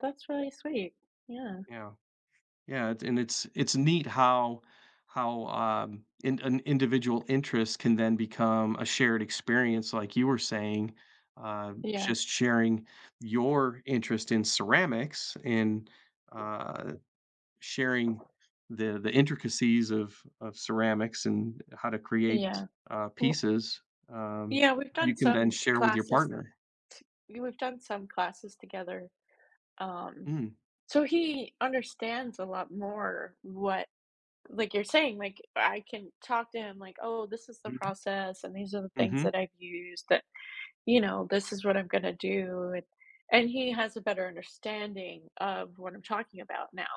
That's really sweet, yeah. Yeah. Yeah, and it's it's neat how how, um, an individual interest can then become a shared experience, like you were saying, uh, Yeah. just sharing your interest in ceramics, and, uh, sharing the the intricacies of of ceramics and how to create, Yeah. uh, pieces, um, Yeah, we've you done can then some share with your classes partner. t y we've done some classes together. Um, Mm. so he understands a lot more what, like, you're saying. Like, I can talk to him like, "Oh, this is the Mhm. process and these are the things Mhm. that I've used." That you know, "This is what I'm gonna do," and and he has a better understanding of what I'm talking about now.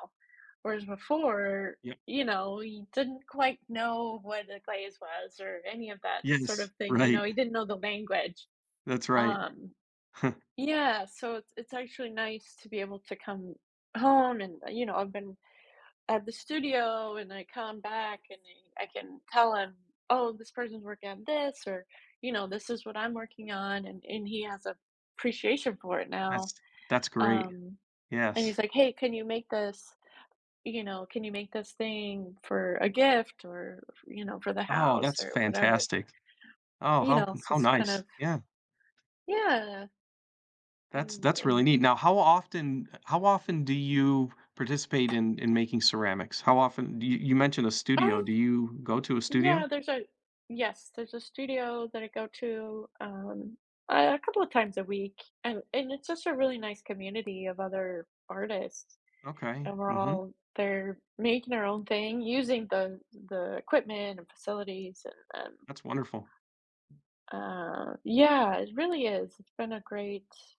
Whereas before, Yeah. you know, he didn't quite know what the glaze was or any of that sort of Yes, thing, you know, right. he didn't know the language. That's right. Um, yeah, so it's it's actually nice to be able to come home and, you know, I've been at the studio and I come back and then I can tell him, "Oh, this person's working on this," or, you know, "This is what I'm working on," and and he has an appreciation for it That's now. that's great. Um, and he's Yes. like, "Hey, can you make this," you know? Can you make this thing for a gift or, f you know, for the Oh, house that's or whatever." fantastic. Oh, You how know, so how it's kind nice. of Yeah. Yeah. That's And that's really and neat. Now, how often uh, how often do you participate in in making ceramics? How often do you you mentioned a studio. Um Do you go to a Yeah, studio? there's a yes, there's a studio that I go to, um, a couple of times a week, and and it's just a really nice community of other artists. Okay. And we're Mhm. all they're making their own thing, using the the equipment and facilities and, um That's wonderful. Uh, yeah, it really is. It's been a great